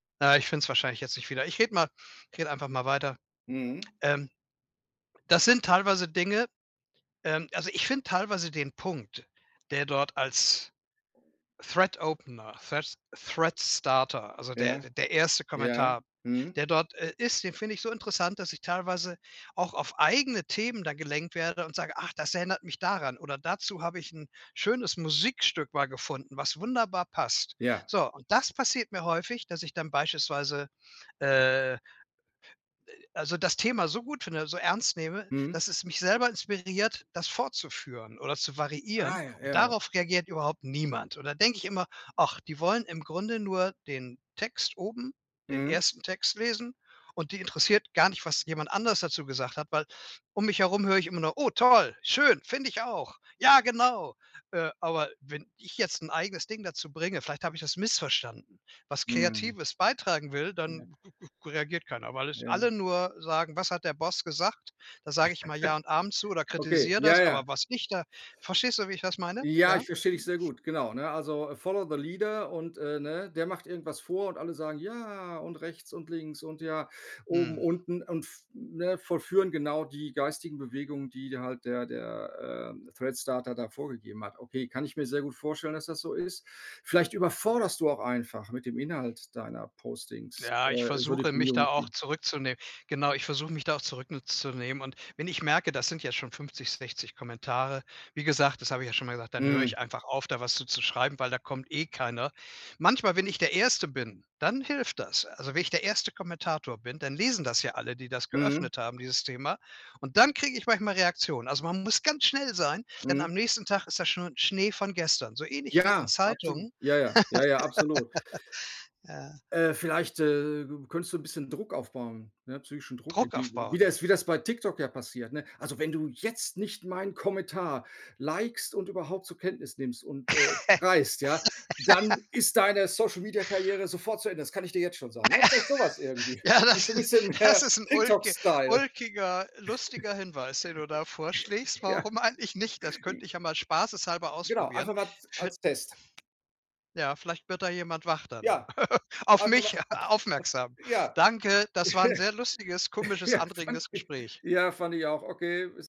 Ah, ich find's wahrscheinlich jetzt nicht wieder. Ich rede mal ich rede einfach mal weiter. Mhm. Ähm, das sind teilweise Dinge ähm, also, ich find teilweise den Punkt, der dort als Thread-Opener, Thread Thread-Starter, also d Ja, der erste ja, Kommentar, mhm. der dort, äh, ist, den finde ich so interessant, dass ich teilweise auch auf eigene Themen da gelenkt werde und sage: „Ach, das erinnert mich daran.“ Oder: „Dazu habe ich 'n schönes Musikstück mal gefunden, was wunderbar passt.“ Ja. So, und das passiert mir häufig, dass ich dann beispielsweise, äh Äh, also das Thema so gut finde, so ernst nehme, Mhm. dass es mich selber inspiriert, das fortzuführen oder zu variieren, Ah, ja, und ja. darauf reagiert überhaupt niemand. Und dann denke ich immer: „Ach, die wollen im Grunde nur den Text oben, den Mhm. ersten Text, lesen und die interessiert gar nicht, was jemand anderes dazu gesagt hat“, weil um mich herum höre ich immer noch höre: „Oh toll, schön, finde ich auch.“ Ja genau, äh, aber wenn ich jetzt 'n eigenes Ding dazu bringe- vielleicht habe ich das missverstanden- was Mhm. Kreatives beitragen will, [unintelligible] dann reagiert keiner, weil es alle Ja. nur sagen: „Was hat der Boss gesagt?“ Da sage immer „ja und Amen“ zu oder Okay, kritisier ja, das, ja. aber was ich da verstehst du, wie ich das meine? Ja, Ja? ich verstehe dich sehr gut, genau. Ne, also „follow the leader" und, äh, ne, der macht irgendwas vor und alle sagen „ja“ und rechts und links und ja, oben, Mhm. unten und f ne, vollführen genau die geistigen Bewegungen, die d halt der der, ähm, Thread-Starter da vorgegeben hat. Okay, kann ich mir sehr gut vorstellen, dass das so ist. Vielleicht überforderst du auch einfach mit dem Inhalt deiner Postings, Ja, äh, ich so die versuche mich da auch Community. zurückzuneh genau, ich versuche mich da auch zurücknu zunehmen und wenn ich merke, das sind jetzt schon 50, 60 Kommentare, wie gesagt das habe ich ja schon mal gesagt, dann hör Mhm. ich einfach auf, da was zu zu schreiben, weil da kommt eh keiner. Manchmal, wenn ich der 1. bin, dann hilft das. Also, wenn ich der 1. Kommentator bin, dann lesen das ja alle, die das Mhm. geöffnet haben, dieses Thema und dann krieg ich manchmal Reaktionen. Also, man muss ganz schnell sein, denn am Mhm. nächsten Tag ist das schon Schnee von gestern, so ähnlich wie in Ja, absolut. Zeitungen. Ja, ja. ja, ja, absolut. Ja. Äh, vielleicht, äh, könntest du 'n bisschen Druck aufbauen, ne, psychischen Druck. Druck Irgendw wie aufbauen. das wie das bei TikTok ja passiert, ne? „Also, wenn du jetzt nicht meinen Kommentar likest und überhaupt zur Kenntnis nimmst und, äh, reist, ja, dann ist deine Social-Media-Karriere sofort zu Ende. Das kann ich dir jetzt schon sagen.“ Ne, vielleicht so was irgendwie. Ja, Ist so 'n das is bisschen das ist 'n ulki TikTok-Style. ulkiger, lustiger Hinweis, den du da vorschlägst. Ja. Warum eigentlich nicht? Das J könnte ich ja mal spaßeshalber Genau, ausprobieren. einfach mal ts Könn als Test. Ja, vielleicht wird da jemand wach dann. Ja. Auf Einfach mal mich aufmerksam. Ja. Danke, das war 'n sehr lustiges, komisches, Fand anregendes ich Gespräch. ja, fand ich auch. Okay. Bis